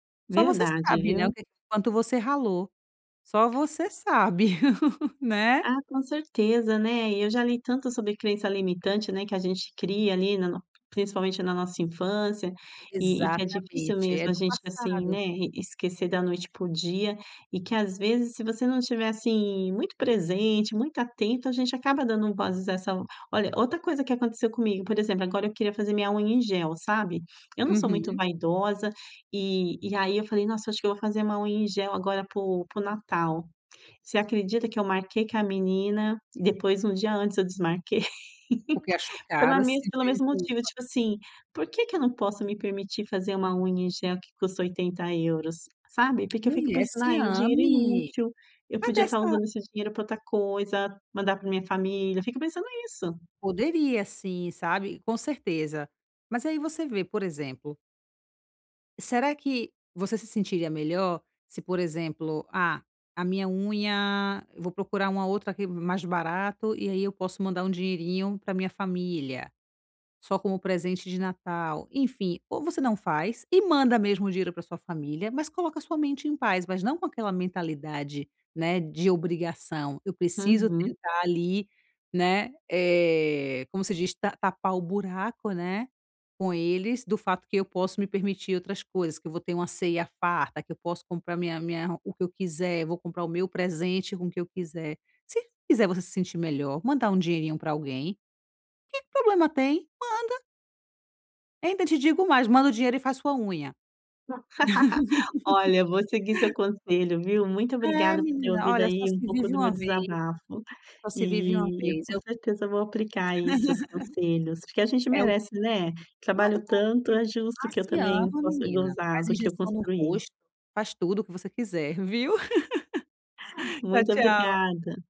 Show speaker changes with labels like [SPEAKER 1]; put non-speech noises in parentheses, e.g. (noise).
[SPEAKER 1] Só você
[SPEAKER 2] Verdade,
[SPEAKER 1] sabe, né,
[SPEAKER 2] viu.
[SPEAKER 1] o que quanto você ralou. Só você sabe, (laughs) né?
[SPEAKER 2] Ah, com certeza, né. E eu já li tanto sobre crença limitante, né, que a gente cria ali, na no principalmente na nossa infância e e que é difícil
[SPEAKER 1] Exatamente,
[SPEAKER 2] mesmo
[SPEAKER 1] é
[SPEAKER 2] a
[SPEAKER 1] do
[SPEAKER 2] gente, assim,
[SPEAKER 1] passado.
[SPEAKER 2] né, e esquecer da noite para o dia e que às vezes se você não estiver, assim, muito presente, muito atento, a gente acaba dando vozes a essa olha, outra coisa que aconteceu comigo, por exemplo, agora eu queria fazer minha unha em gel, sabe? Eu não sou muito
[SPEAKER 1] Uhum.
[SPEAKER 2] vaidosa e e aí eu falei: "Nossa, acho que eu vou fazer uma unha em gel agora para o para o Natal". Você acredita que eu marquei com a menina e depois um dia antes eu desmarquei?
[SPEAKER 1] Porque achou
[SPEAKER 2] (laughs) Pela
[SPEAKER 1] caro, se
[SPEAKER 2] mes pelo
[SPEAKER 1] sentiu em
[SPEAKER 2] mesmo motivo,
[SPEAKER 1] culpa.
[SPEAKER 2] tipo assim, por que que eu não posso me permitir fazer uma unha em gel que custa 80 €? Sabe? Porque eu fico
[SPEAKER 1] Mulher,
[SPEAKER 2] pensando: "Ah,
[SPEAKER 1] se
[SPEAKER 2] é um dinheiro
[SPEAKER 1] ame!
[SPEAKER 2] inútil, eu
[SPEAKER 1] Cadê
[SPEAKER 2] podia estar
[SPEAKER 1] essa
[SPEAKER 2] usando esse dinheiro pra outra coisa, mandar pra minha família". Eu fico pensando isso.
[SPEAKER 1] Poderia, sim, sabe, com certeza. Mas aí você vê, por exemplo Será que você se sentiria melhor se, por exemplo: "Ah, a minha unha eu vou procurar uma outra aqui m mais barato e aí eu posso mandar um dinheirinho pra minha família, só como presente de Natal". Enfim, ou você não faz e manda mesmo o dinheiro pra sua família, mas coloca a sua mente em paz, mas não com aquela mentalidade, né, de obrigação: "Eu preciso
[SPEAKER 2] Uhum.
[SPEAKER 1] tentar ali", né, eh, como se diz, "Ta tapar o buraco, né, com eles, do fato que eu posso me permitir outras coisas, que eu vou ter uma ceia farta, que eu posso comprar minha minha o que eu quiser, vou comprar o meu presente com o que eu quiser". Se fizer você se sentir melhor mandar um dinheirinho pra alguém, que problema tem? Manda. Ainda te digo mais: manda o dinheiro e faz sua unha.
[SPEAKER 2] (laughs) Olha, eu vou seguir seu
[SPEAKER 1] (laughs)
[SPEAKER 2] conselho, viu. Muito
[SPEAKER 1] É,
[SPEAKER 2] obrigada por ter
[SPEAKER 1] menina,
[SPEAKER 2] ouvido
[SPEAKER 1] olha, só
[SPEAKER 2] aí um
[SPEAKER 1] se
[SPEAKER 2] pouco
[SPEAKER 1] vive
[SPEAKER 2] do meu
[SPEAKER 1] uma vez.
[SPEAKER 2] desabafo.
[SPEAKER 1] Só se vive uma
[SPEAKER 2] E e
[SPEAKER 1] vez,
[SPEAKER 2] com
[SPEAKER 1] eu (laughs)
[SPEAKER 2] certeza vou aplicar aí seus conselhos, porque a gente
[SPEAKER 1] é o
[SPEAKER 2] merece, né?
[SPEAKER 1] Mas
[SPEAKER 2] Trabalho tanto,
[SPEAKER 1] (unintelligible)
[SPEAKER 2] é justo
[SPEAKER 1] ah,
[SPEAKER 2] que eu
[SPEAKER 1] se
[SPEAKER 2] também
[SPEAKER 1] ama,
[SPEAKER 2] possa
[SPEAKER 1] menina,
[SPEAKER 2] gozar
[SPEAKER 1] faz
[SPEAKER 2] do que eu
[SPEAKER 1] injeção no
[SPEAKER 2] construí.
[SPEAKER 1] rosto. Faz tudo o que você quiser, viu. (laughs) Tchau,
[SPEAKER 2] Muito
[SPEAKER 1] tchau.
[SPEAKER 2] obrigada.